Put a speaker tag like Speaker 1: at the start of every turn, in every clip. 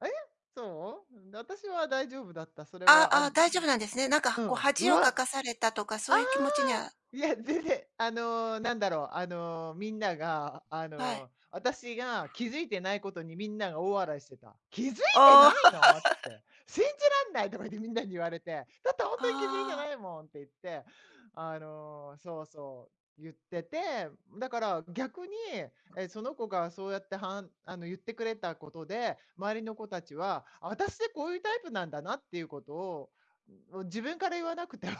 Speaker 1: あえ。そう。んで私は大丈夫だった、それ
Speaker 2: ああ
Speaker 1: は。あ
Speaker 2: あ
Speaker 1: ん、
Speaker 2: あ、
Speaker 1: ん。
Speaker 2: 大丈夫なんですね。なん
Speaker 1: う
Speaker 2: かこう
Speaker 1: ん、う
Speaker 2: 恥を
Speaker 1: わ！
Speaker 2: か
Speaker 1: あ
Speaker 2: かされたとか、そ
Speaker 1: あ！
Speaker 2: ういう気持ちには
Speaker 1: いや、全然。あの、なんだろう、あの、みんながあ
Speaker 2: はい。
Speaker 1: の、あたしが気付いてないことにみんなが大笑いしてた。「気づいてな
Speaker 2: あ
Speaker 1: いの」つっ
Speaker 2: あ。
Speaker 1: て。「信じらんない！」とか言ってみんなに言われて。だって「ほんとに気づいて
Speaker 2: あ
Speaker 1: な
Speaker 2: あ。
Speaker 1: いもん」って言って。あの、そうそう、言ってて。だから逆に、ええ、その子がそうやってはんあの言ってくれたことで、周りの子達は、あたしこういうタイプなんだなっていうことを、ん、ん、もう自分から言わなくても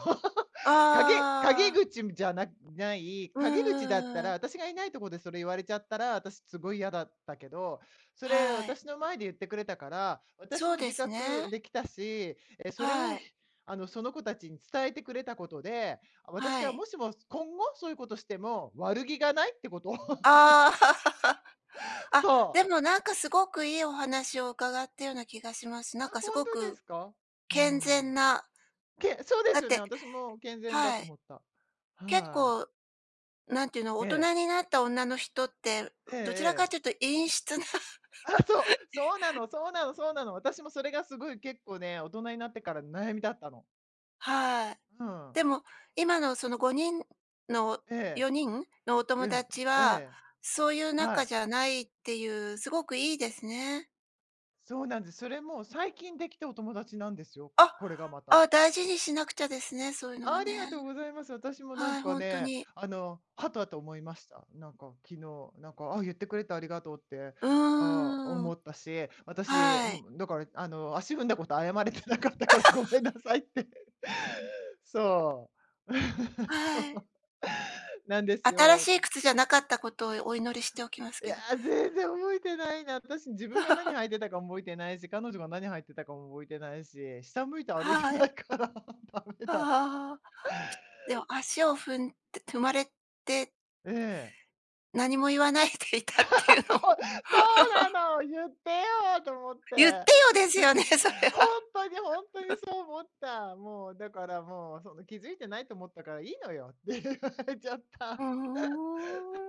Speaker 1: 陰
Speaker 2: あ
Speaker 1: 陰
Speaker 2: あ。
Speaker 1: 口むじゃなない。
Speaker 2: うん
Speaker 1: 陰口だった
Speaker 2: うんう
Speaker 1: ら、
Speaker 2: ん。
Speaker 1: あたしがいないとこでそれ言われちゃったら、あたしすごい嫌だったけど、それ
Speaker 2: はい。
Speaker 1: 私の前で言ってくれたから、私
Speaker 2: そう
Speaker 1: も
Speaker 2: で
Speaker 1: 自
Speaker 2: すね。
Speaker 1: 覚できたし、ええ、それ
Speaker 2: は
Speaker 1: を、
Speaker 2: い。
Speaker 1: ひあの、その子達に伝えてくれたことで、あ、私
Speaker 2: は
Speaker 1: が
Speaker 2: い。
Speaker 1: もしも今後、そういうことしても悪気がないってことを。
Speaker 2: ああ。あ、
Speaker 1: そう。
Speaker 2: でもなんかすごくいいお話を伺ったような気がします。
Speaker 1: あ、
Speaker 2: なんかす
Speaker 1: ほん
Speaker 2: ご
Speaker 1: とで
Speaker 2: く
Speaker 1: すか。うー
Speaker 2: 健
Speaker 1: ん。
Speaker 2: 全な。
Speaker 1: けそうで
Speaker 2: だっ
Speaker 1: すよね、
Speaker 2: て
Speaker 1: 私も健全だ
Speaker 2: は
Speaker 1: と
Speaker 2: い。
Speaker 1: 思った。
Speaker 2: 結
Speaker 1: はい。
Speaker 2: 構なんていうの、
Speaker 1: え
Speaker 2: 大
Speaker 1: え。
Speaker 2: 人になった女の人って、う
Speaker 1: ええ
Speaker 2: どちらかっ
Speaker 1: ええ。
Speaker 2: ていうと陰湿な。
Speaker 1: ああそう。そうなのそうなのそうなの。私もそれがすごい結構ね、大人になってからの悩みだったの。
Speaker 2: はい。
Speaker 1: うん。
Speaker 2: でも今のその5人の、
Speaker 1: ええ。
Speaker 2: 4人のお
Speaker 1: う
Speaker 2: 友
Speaker 1: ん、
Speaker 2: 達
Speaker 1: あ、え
Speaker 2: は、
Speaker 1: え。
Speaker 2: そういう
Speaker 1: は
Speaker 2: 仲
Speaker 1: い。
Speaker 2: じゃないっていう、すごくいいですね。
Speaker 1: そうなんです。それも最近できたお友達なんですよ、こ
Speaker 2: あ。
Speaker 1: これがまた。
Speaker 2: あ、大事にしなくちゃですね、そういうのは
Speaker 1: ありが
Speaker 2: ね。
Speaker 1: とうございます。あたしもな
Speaker 2: は
Speaker 1: ん
Speaker 2: い、
Speaker 1: か
Speaker 2: ほんと
Speaker 1: ね、
Speaker 2: に。
Speaker 1: あの、はたと思いました、なんか昨日、なんか、ああ、言ってくれてありがとう。って。
Speaker 2: う
Speaker 1: ああ
Speaker 2: ー
Speaker 1: 思
Speaker 2: ん。
Speaker 1: ったし、私、ん
Speaker 2: は
Speaker 1: も
Speaker 2: い。
Speaker 1: うだから、あの、足踏んだこと謝れてなかったからごめんな さいって。そう。
Speaker 2: あ、
Speaker 1: そ
Speaker 2: はい。
Speaker 1: う。なんです
Speaker 2: 新し
Speaker 1: よ。
Speaker 2: い靴じゃなかったことをお祈りしておきます
Speaker 1: い
Speaker 2: け
Speaker 1: や、
Speaker 2: ど。
Speaker 1: 全然覚えてないな、あたし自分が何履 いてたか覚えてないし、彼女が何履いてたかも覚えてないし、下向いて歩いて
Speaker 2: は
Speaker 1: な
Speaker 2: い。
Speaker 1: いから駄目
Speaker 2: あ
Speaker 1: だ。
Speaker 2: はは。でも足を踏んて踏まれて
Speaker 1: ええ。
Speaker 2: 何も言わないでい たっ
Speaker 1: そう、
Speaker 2: ていうのを。
Speaker 1: そうな の！言ってよと思っ
Speaker 2: 言って
Speaker 1: て。
Speaker 2: よ、ですよね、それ
Speaker 1: ほ
Speaker 2: は。
Speaker 1: んとにほんとに そう思った。もう、だからもう、その気づいてないと思ったからいいのよ、って言われちゃった。
Speaker 2: うん、ふーん。